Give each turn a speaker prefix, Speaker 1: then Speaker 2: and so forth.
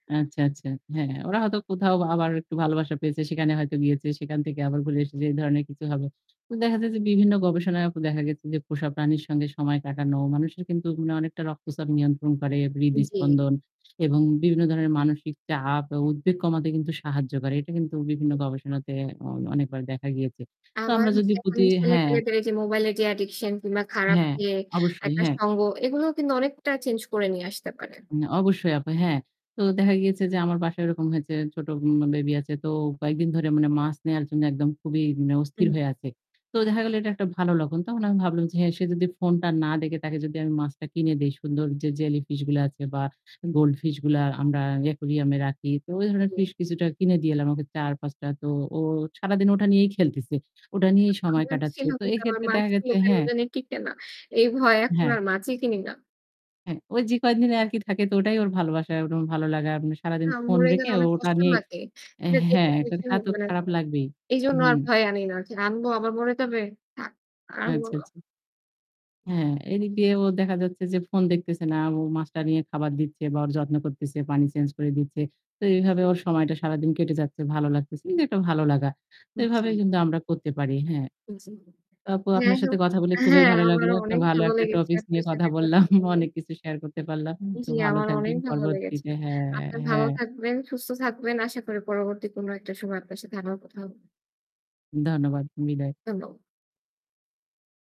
Speaker 1: আচ্ছা, আচ্ছা। হ্যাঁ, হ্যাঁ। ওরা হয়তো কোথাও আবার একটু ভালোবাসা পেয়েছে সেখানে হয়তো গিয়েছে, সেখান থেকে আবার ঘুরে এসেছে এ ধরনের কিছু হবে। তো দেখা যায় যে বিভিন্ন গবেষণায়ও তো দেখা গেছে যে পোষা প্রাণীর সঙ্গে সময় কাটানো মানুষের কিন্তু উম অনেকটা রক্তচাপ নিয়ন্ত্রণ করে,
Speaker 2: উম জী।
Speaker 1: হৃদস্পন্দন এবং বিভিন্ন ধরনের মানসিক চাপ আ উদ্বেগ কমাতে কিন্তু সাহায্য করে। এটা কিন্তু বিভিন্ন গবেষণাতে অ অনেকবার দেখা গিয়েছে। তো
Speaker 2: আমার
Speaker 1: আমরা
Speaker 2: হচ্ছে
Speaker 1: যদি
Speaker 2: এখন
Speaker 1: প্রতি হ্যাঁ।
Speaker 2: ছেলে-পেলে যে মোবাইলের যে addiction কিংবা খারাপ
Speaker 1: হ্যাঁ,
Speaker 2: ইয়ে
Speaker 1: অবশ্যই।
Speaker 2: একটা
Speaker 1: হ্যাঁ।
Speaker 2: সঙ্গ, এগুলোও কিন্তু অনেকটা চেঞ্জ করে নিয়ে আসতে পারে।
Speaker 1: উম অবশ্যই আপা, হ্যাঁ। তো দেখা গিয়েছে যে আমার বাসায় এরকম হয়েছে ছোট উম বেবি আছে। তো কয়েকদিন ধরে মানে মাছ নেয়ার জন্য একদম খুবই মানে অস্থির
Speaker 2: হুম।
Speaker 1: হয়ে আছে। তো দেখা গেল এটা একটা ভালো লক্ষণ। তখন আমি ভাবলাম যে হ্যাঁ, সে যদি ফোনটা না দেখে তাকে যদি আমি মাছটা কিনে দেই সুন্দর যে জেলি ফিশগুলা আছে বা গোল্ড ফিশগুলার আমরা ই aquarium এ রাখি। তো ওই ধরনের
Speaker 2: জি।
Speaker 1: ফিশ কিছুটা কিনে দিয়ে এলাম ওকে ৪-৫ টা। তো ও সারাদিন ওটা নিয়েই খেলতেছে, ওটা নিয়েই সময়
Speaker 2: আমার
Speaker 1: কাটাচ্ছে।
Speaker 2: ছিলো
Speaker 1: তো
Speaker 2: কিন্তু আমার
Speaker 1: এইক্ষেত্রে দেখা
Speaker 2: মাছগুলো
Speaker 1: গেছে
Speaker 2: কেন
Speaker 1: হ্যাঁ।
Speaker 2: জানি টিকে না। এই ভয়ে এখন
Speaker 1: হ্যাঁ।
Speaker 2: আর মাছই কিনি না।
Speaker 1: হ্যাঁ ওই যে কয়েকদিন আরকি থাকে। তো ওটাই ওর ভালোবাসা, ওর ভালো লাগা। মানে
Speaker 2: আ
Speaker 1: সারাদিন ফোন
Speaker 2: মরে
Speaker 1: রেখে
Speaker 2: গেলে
Speaker 1: ও
Speaker 2: অনেক
Speaker 1: ওটা
Speaker 2: কষ্ট
Speaker 1: নিয়েই
Speaker 2: লাগে।
Speaker 1: অ্যা
Speaker 2: [unintelligible]
Speaker 1: হ্যাঁ। এখন তা তো
Speaker 2: মানে
Speaker 1: খারাপ লাগবেই।
Speaker 2: এইজন্য আর
Speaker 1: হুম।
Speaker 2: ভয়ে আনি না। যে আনবো আবার মরে যাবে! থাক, আর আনবো
Speaker 1: আচ্ছা,
Speaker 2: না।
Speaker 1: আচ্ছা। হ্যাঁ, এদিক দিয়ে ও দেখা যাচ্ছে যে ফোন দেখতেছে না। ও মাছটা নিয়ে খাবার দিচ্ছে বা ওর যত্ন করতেছে পানি চেঞ্জ করে দিচ্ছে। তো এভাবে ওর সময়টা সারাদিন কেটে যাচ্ছে, ভালো লাগতেছে। কিন্তু একটা ভালো লাগা। তো
Speaker 2: হু,
Speaker 1: এভাবে
Speaker 2: জি।
Speaker 1: কিন্তু আমরা করতে পারি, হ্যাঁ।
Speaker 2: উ জি,
Speaker 1: আপু
Speaker 2: যাই
Speaker 1: আপনার সাথে
Speaker 2: হোক।
Speaker 1: কথা বলে
Speaker 2: আ
Speaker 1: খুবই
Speaker 2: হ্যাঁ,
Speaker 1: ভালো লাগলো।
Speaker 2: আমারও
Speaker 1: একটা
Speaker 2: অনেক
Speaker 1: ভালো
Speaker 2: ভালো
Speaker 1: একটা
Speaker 2: লেগেছে
Speaker 1: টপিকস
Speaker 2: আপনার
Speaker 1: নিয়ে কথা
Speaker 2: সাথে
Speaker 1: বললাম।
Speaker 2: কথা বলে।
Speaker 1: অনেক কিছু শেয়ার করতে পারলাম। তো
Speaker 2: জ্বী,
Speaker 1: ভালো
Speaker 2: আমার অনেক
Speaker 1: থাকবেন
Speaker 2: ভালো লেগেছে।
Speaker 1: পরবর্তীতে। হ্যাঁ,
Speaker 2: আপনি ভালো
Speaker 1: হ্যাঁ।
Speaker 2: থাকবেন, সুস্থ থাকবেন। আশা করি পরবর্তী কোনো একটা সময় আপনার সাথে আবার কথা হবে।
Speaker 1: ধন্যবাদ। বিদায়।
Speaker 2: [unintelligible]